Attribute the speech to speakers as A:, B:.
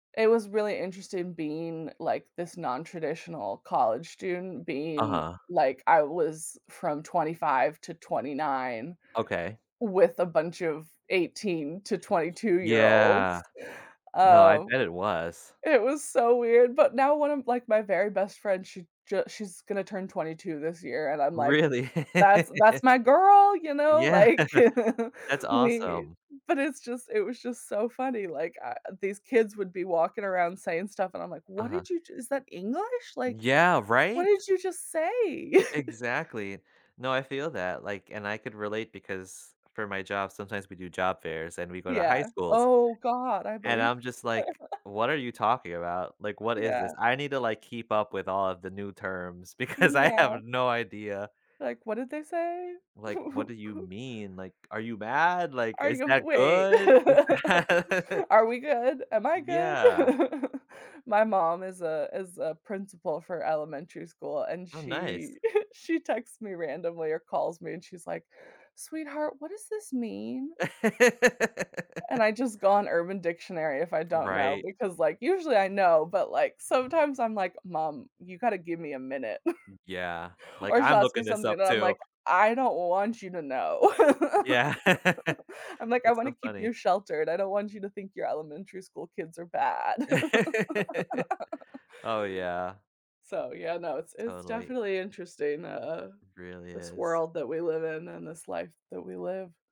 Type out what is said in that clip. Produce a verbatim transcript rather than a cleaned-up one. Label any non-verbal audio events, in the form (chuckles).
A: It was really interesting being like this non-traditional college student being
B: Uh-huh.
A: like I was from twenty-five to twenty-nine,
B: Okay.
A: with a bunch of eighteen to twenty two year olds.
B: Yeah. No, I
A: Um.
B: bet it was.
A: It was so weird, but now one of, like, my very best friends, she ju she's gonna turn twenty-two this year, and I'm, like,
B: Really?
A: that's
B: (laughs)
A: that's my girl, you know,
B: Yeah.
A: like, (chuckles)
B: That's
A: we
B: awesome.
A: but it's just it was just so funny, like, i uh these kids would be walking around saying stuff and I'm, like, "What
B: Uh-huh.
A: did you just is that English? Like,
B: Yeah,
A: what
B: right?
A: did you just say?" (chuckles)
B: Exactly. No, I feel that, like and I could relate because for my job, sometimes we do job fairs and we go to high
A: Yeah.
B: schools,
A: Oh, God. I
B: and
A: believe
B: I'm just, like, "What are
A: (laughs)
B: you talking about? Like, what is
A: Yeah.
B: this?" I need to, like, keep up with all of the new terms because I
A: Yeah.
B: have no idea.
A: Like, what did they say?
B: Like, "What do you
A: (laughs)
B: mean?" Like, "Are you mad?" Like,
A: "Are
B: "Is
A: you m
B: that
A: wait.
B: good? Is
A: (laughs)
B: that" (laughs)
A: Are we good? Am I good?"
B: Yeah.
A: (laughs) My mom is a is a principal for elementary school, and
B: Oh, nice.
A: she (chuckles) she texts me randomly or calls me and she's, like, "Sweetheart, what does this mean?" And
B: (laughs)
A: I just go on urban dictionary if I don't know,
B: Right.
A: because like, usually I know, but like, sometimes I'm, like, "Mom, you gotta give me a minute,"
B: Mm Yeah. (laughs)
A: (chuckles)
B: Like,
A: or she'll
B: "I'm
A: ask me
B: looking this up,
A: something then I'm,
B: too."
A: like, "I don't want you to know."
B: Yeah.
A: (laughs) I'm, like, "I
B: That's so
A: wanna keep
B: funny.
A: you sheltered. I don't want you to think your elementary school kids are bad."
B: (laughs)
A: (laughs)
B: Oh, yeah.
A: So, yeah, no, it's it's
B: Totally.
A: definitely interesting, uh,
B: Really
A: this
B: is.
A: world that we live in, and this life that we live.